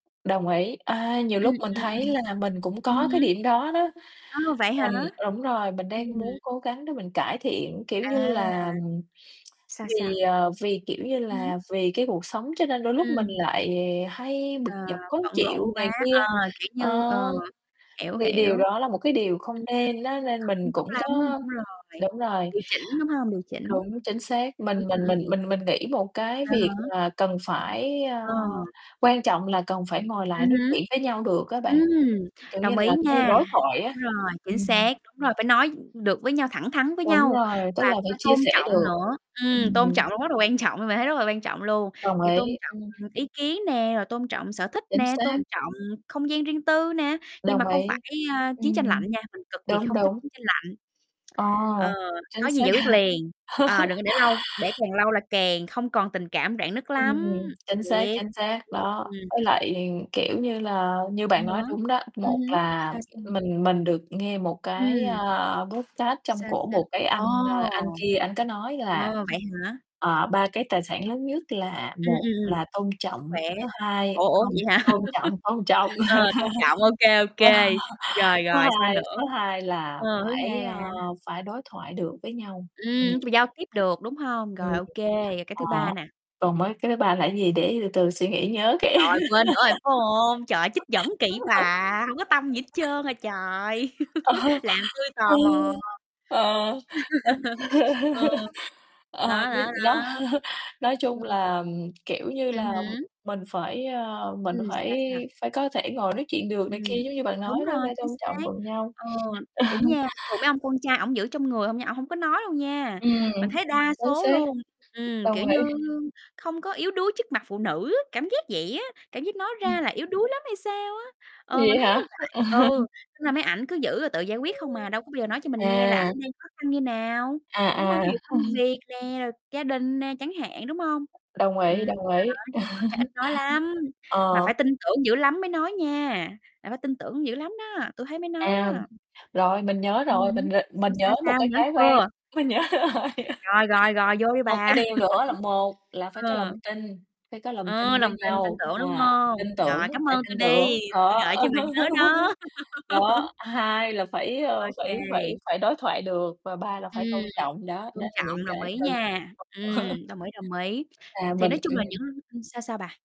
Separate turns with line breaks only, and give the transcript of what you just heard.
Đồng ý. À, nhiều
Ừm,
lúc mình
ừm,
thấy
ừm.
là mình cũng
Ừm
có cái
hứm.
điểm đó đó.
A! Vậy hả?
Mình đúng rồi, mình đang
Ừm.
muốn cố gắng để mình cải thiện, kiểu như
À!
là
Sao
vì,
sao?
ờ, vì, kiểu như
Hửm?
là, vì cái cuộc sống, cho nên đôi lúc mình
Ừm.
lại hay bực
À,
dọc khó
bận rộn
chịu này
quá.
kia.
Ờ, kiểu như
Ờ,
ờ, hiểu,
thì
hiểu.
điều
Ừm,
đó là một cái điều không nên á, nên
không
mình
tốt
cũng
lắm,
có
đúng rồi.
đúng rồi.
Điều chỉnh, đúng hông? Điều chỉnh.
Đúng, chính xác.
Ừm,
Mình mình
ừm,
mình
ừm.
mình mình nghĩ một cái
À,
việc
hả?
là cần phải, ờ
Ờ.
quan trọng là cần phải ngồi
Ừm
lại nói chuyện với nhau được á bạn,
hứm, ừm,
kiểu như
đồng ý
là cái
nha.
đối thoại á,
Đúng rồi, chính
ừm.
xác, đúng rồi, phải nói được với nhau, thẳng thắn với
Đúng
nhau
rồi, tức
và
là
cũng
phải
phải
chia
tôn
sẻ
trọng
được.
nữa. Ừm, tôn
Ừm.
trọng cũng rất là quan trọng, bạn thấy rất là quan trọng luôn,
Đồng
kiểu, tôn
ý,
trọng
ừm.
ý kiến nè, rồi tôn trọng sở thích
Chính
nè,
xác.
tôn trọng không gian riêng tư nè, nhưng mà
Đồng
không phải,
ý.
ờ, chiến tranh lạnh
Ừm,
nha, mình cực kỳ
đúng,
không thích
đúng.
chiến tranh lạnh.
Ờ,
Ờ,
chính
có gì
xác
giải quyết
nha.
liền. Ờ, đừng có để lâu, để càng lâu là càng không còn tình cảm, rạn nứt
Ừm,
lắm,
chính xác,
thiệt.
chính xác
Ưm,
đó.
ưm, ừm.
Với lại, kiểu như là như
Ờ
bạn nói
há,
đúng đó,
ừm
một
hứm,
là
sao, sao?
mình mình được nghe một cái,
Ừm.
a, podcast trong
Sao,
cổ
sao?
một cái anh,
Ồ!
à, anh kia ảnh có nói là,
Ờ, vậy hả?
ờ, "Ba cái tài
Sao,
sản
sao?
lớn nhất là
Ừm,
một
ừm, ừm,
là tôn
sức
trọng,
khỏe.
cái thứ hai"
Ủa, ủa,
hông,
vậy hả?
tôn trọng, tôn trọng.
Ờ, tôn trọng, ô kê, ô
Ờ,
kê. Rồi,
thứ
rồi sao
hai
nữa?
số hai là
Ờ, thứ
phải,
hai là
ờ, phải đối thoại được với nhau,
Ừm,
ừm.
nói chung là giao tiếp được, đúng hông?
Ừm,
Rồi, ô kê, rồi cái
ờ,
thứ ba nà.
còn mấy cái thứ ba là cái gì, để từ từ suy nghĩ, nhớ cái
Rồi, quên nữa rồi, phải hông? Trời ơi, trích dẫn gì kì bà, hổng có tâm gì hết trơn à trời!
Ờ,
Làm tui
ờ,
tò mò.
ờ, ờ.
Ừ,
Ờ,
đó,
bây
đó,
nó
đó,
nói chung
ừm.
là, kiểu như
Ừm
là,
hứm.
mình phải, a, mình
Ừm,
phải
sao, sao?
phải có thể ngồi nói chuyện được này
Ừm,
kia, giống như bạn nói
đúng
đó
rồi,
phải
chính
tôn trọng
xác.
cùng nhau.
Ờ,
Ờ.
đúng nha, thường mấy ông con trai ổng giữ trong người hông nha, ổng hổng có nói đâu nha. Mình
Ừm,
thấy đa
chính
số
xác,
luôn, ừm, kiểu
đồng ý.
như, không có yếu đuối trước mặt phụ nữ á, cảm giác vậy á, cảm giác nói
Ừm.
ra là yếu đuối lắm hay sao á. Ờ,
Vậy
mình thấy
hả?
như vậy,
Ừm,
ừ, nên là mấy ảnh cứ giữ rồi tự giải quyết không à, đâu có bao giờ nói cho mình nghe là ảnh
à.
đang khó khăn như nào, đúng
À, à.
hông? Ví dụ công việc nè, rồi gia đình nè, chẳng hạn, đúng hông?
Đồng ý,
Ừm,
đồng
đó
ý.
nói chung là con trai ít nói lắm, mà
Ờ.
phải tin tưởng dữ lắm mới nói nha, là phải tin tưởng dữ lắm đó, tui thấy mới nói đó.
À, rồi, mình nhớ
Ừm
rồi,
hứm,
mình g mình
sao, sao,
nhớ một
sao?
cái
Nhớ
cái quan
chưa?
mình nhớ rồi.
Rồi, rồi, rồi, vô đi
Một cái
bà.
điều nữa là một là phải có lòng
Ờ.
tin, phải có lòng
Ờ,
tin với
lòng tin, tin
nhau,
tưởng, đúng
ờ,
hông?
tin tưởng,
Rồi, cám
phải
ơn tui
tin tưởng.
đi, tui
Đó
gợi cho bà nhớ đó.
đó, hai là phải, ơ,
Vậy hả? Ô kê.
phải phải phải đối thoại được, và ba là
Ừm,
phải tôn trọng, đó, đó
tôn
là những
trọng, đồng
cái
ý
cần.
nha. Ừm, đồng ý, đồng ý.
À,
Thì
mình
nói chung là những
ừm.
ưm, sao, sao bà?